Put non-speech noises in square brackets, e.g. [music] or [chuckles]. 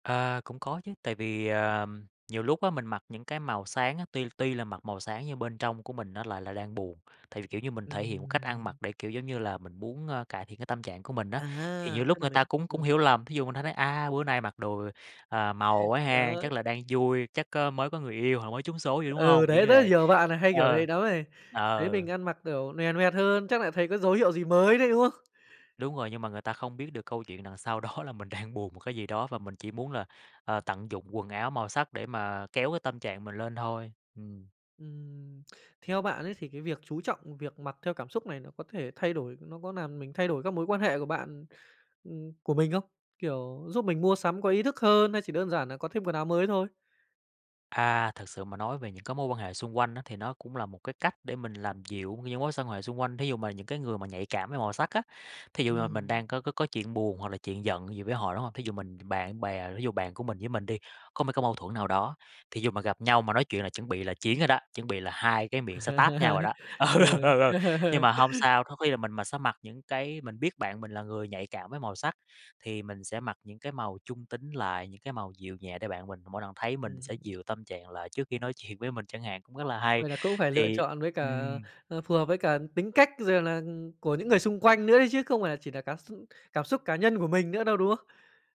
Ờ, cũng có chứ, tại vì, ờm, nhiều lúc á mình mặc những cái màu sáng á, tuy tuy là mặc màu sáng nhưng bên trong của mình nó lại là đang buồn, tại vì, kiểu như, mình thể hiện một cách ăn mặc Ừm. để, kiểu, giống như là, mình muốn, ơ, cải thiện cái tâm trạng của mình á, thì nhiều À! lúc Tức là người mình ta cũng cũng ừm. hiểu lầm, thí dụ [unintelligible] nói: "A, bữa nay mặc đồ, à, màu [chuckles] quá ha. Đó. Chắc là đang vui, chắc có mới có người yêu hoặc mới trúng số gì, đúng Ừ, hông?" Kiểu đấy, như rất là vậy, nhiều bạn nà hay kiểu ờ, đấy nắm này, thấy mình ờ. ăn mặc, kiểu, loè lẹt hơn, chắc nại thấy có dấu hiệu gì mới đấy, đúng không? Đúng rồi, nhưng mà người ta không biết được câu chuyện đằng sau đó là mình đang buồn một cái gì đó và mình chỉ muốn là, à, tận dụng quần áo màu sắc để mà kéo cái tâm trạng mình lên thôi, ừm. Ừm, theo bạn ấy thì cái việc chú trọng việc mặc theo cảm xúc này nó có thể thay đổi, nó có làm mình thay đổi các mối quan hệ của bạn ừm, của mình không? Kiểu, giúp mình mua sắm có ý thức hơn hay chỉ đơn giản nà có thêm quần áo mới thôi? À, thực sự mà nói về những cái mối quan hệ xung quanh á thì nó cũng là một cái cách để mình làm dịu những mối xoan hệ xung quanh, thí dụ mà những cái người mà nhạy cảm với màu sắc á. Thí dụ mà mình Ừm. đang có có có chuyện buồn hoặc là chuyện giận gì với họ, đúng hông? Thí dụ mình bạn bè thí dụ bạn của mình với mình đi, có mấy cái mâu thuẫn nào đó, thí dụ mà gặp nhau mà nói chuyện là chuẩn bị là chiến rồi đó, chuẩn bị là hai cái miệng sẽ táp nhau rồi đó, [laughs] ừ, ừ, Ừ. ừ, ừ, nhưng mà hông [laughs] sao, có khi là mình mà sẽ mặc những cái mình biết bạn mình là người nhạy cảm với màu sắc, thì mình sẽ mặc những cái màu trung tính lại, những cái màu dịu nhẹ để bạn mình mỗi lần thấy mình sẽ Ừm. dịu tâm trạng lại trước khi nói chuyện với mình chẳng hạn, cũng rất là hay, Vậy là cũng phải lựa thì chọn với cả, ừm. ờ, phù hợp với cả tính cách rồi là của những người xung quanh nữa đấy chứ không phải nà chỉ nà cá x cảm xúc cá nhân của mình nữa đâu, đúng không?